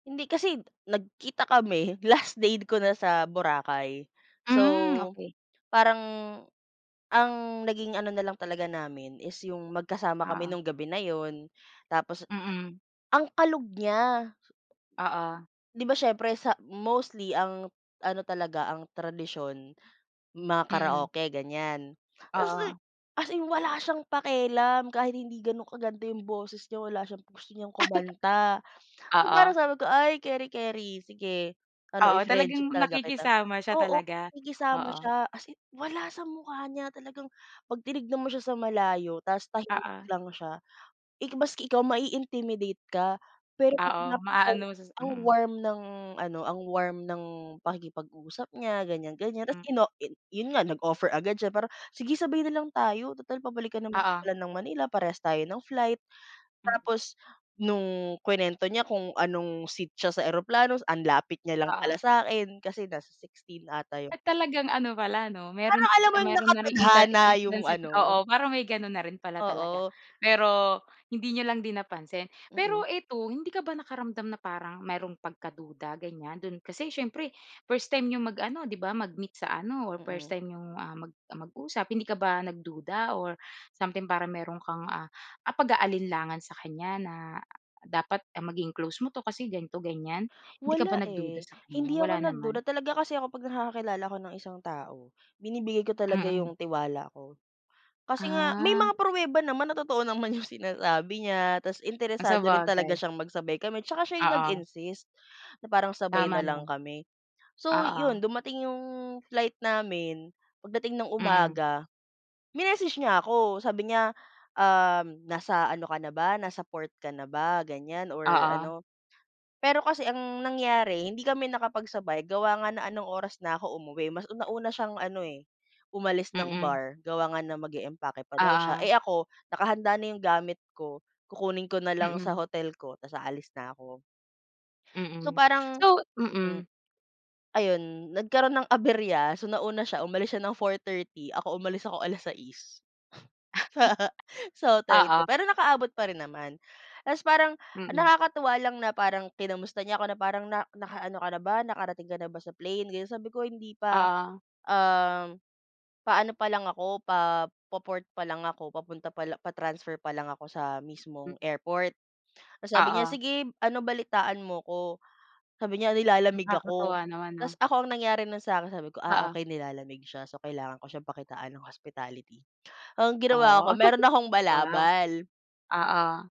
Hindi, kasi nagkita kami, last day ko na sa Boracay. Hmm, So, okey. parang ang naging ano na lang talaga namin is yung magkasama kami Oo. nung gabi na yun. Tapos, Mm. ang kalog niya! Oo. Di ba siyempre sa mostly ang ano talaga, ang tradisyon, mga Mm. karaoke, ganyan. Tapos, di Oo. as in wala siyang pakialam kahit hindi ganun kaganda yung boses niya, wala siyang gusto niyang kumanta. So, parang Oo. sabi ko, "Ay, kering-keri, sige, ano, Oo, i-friendship talagang talaga kita." nakikisama siya Oo, talaga. nakikisama Oo. siya. As in, wala sa mukha niya, talagang, 'pag tinignan mo siya sa malayo tapos tahimik Oo. lang siya, eh, maski ikaw mai-intimidate ka. Pero, Oo. napaka Maano mo s sa ang Mm. warm ng ano ang warm ng pakikipag-usap niya, ganyan-ganyan. Tapos Hmm. ino yun nga nag-offer agad siya, para "Sige, sabay nalang tayo, tutal pabalik ka na Oo. pala ng Manila, parehas tayo ng flight." Mm. Tapos nung kinuwento niya kung anong seat siya sa eroplano, ang lapit niya lang pala Oo. sa'kin, kasi nasa 16 ata yun. At talagang ano pala 'no, meron Parang alam tsi mo yung meron na ring inta nakatadhana yung intansi ano oo, parang may ganun na rin pala talaga. Oo. Pero, hindi n'yo lang din napansin. Mm. Pero eto, hindi ka ba nakaramdam na parang mayro'ng pagkaduda, ganyan? Do'n kasi siyempre, first time n'yong mag-ano 'di ba, mag-meet sa ano, or first Mm. time n'yong, ah, mag mag-usap. Hindi ka ba nagduda, or something, parang meron kang, ah, pag-aalinlangan sa kanya na, dapat maging close mo 'to kasi ganito, ganyan? Hindi ka ba Wala nagduda eh. sa kanya? Hindi Wala ako nagduda. naman? Talaga kasi ako 'pag nakakakilala ako ng isang tao, binibigay ko talaga Mm. yung tiwala ko. Kasi nga, may Ah. mga pruweba naman na totoo naman yung sinasabi niya. Tapos, Ah, interesado rin talaga sabagay. siyang magsabay kami. Tsaka siya yung Oo. nag-insist, na parang sabay Tama na lang naman. kami. So, Oo. yun, dumating yung flight namin, pagdating ng Mm. umaga, minessage niya ako. Sabi niya, um, "Nasa ano ka na ba, nasa port ka na ba?" Ganyan or Oo. ano "Pero kasi ang nangyari, hindi kami nakapagsabay, gawa nga na anong oras na ako umuwi. Mas una nauna siyang ano eh, umalis ng Mm. bar. Gawa nga na mag-eempake pa daw siya. Eh Oo. ako, nakahanda na yung gamit ko, kukunin ko nalang sa Mm. hotel ko, tapos aalis na ako. So, Mm. parang, So hmm Mm. Ayon, nagkaroon ng aberya. So nauna siya, umalis siya ng 4:30, ako umalis ako alas-sais sa sa hotel ko. Oo. Pero nakaabot pa rin naman. Tapos parang Mm. nakakatuwa lang na parang kinamusta niya ako, na parang, "Na naka-ano ka na ba? Nakarating ka na ba sa plane? Ganyan "Sabi ko, "Hindi pa, Oo. um, pa-ano pa lang ako, pa, po port pa lang ako, papunta palang pa-transfer pa lang ako sa Hmm. mismong airport." Tapos sabi niya, Oo. "Sige, ano, balitaan mo ako." Sabi niya, "Nilalamig ako." Nakakatuwa naman, 'no? Taposs ako, ang nangyari na sa akin, sabi ko, "Ah, Oo. okey, nilalamig siya. So, kailangan ko siyang pakitaan ng hospitality." Ang ginawa Oh, ko, meron akong wow. balabal Oo.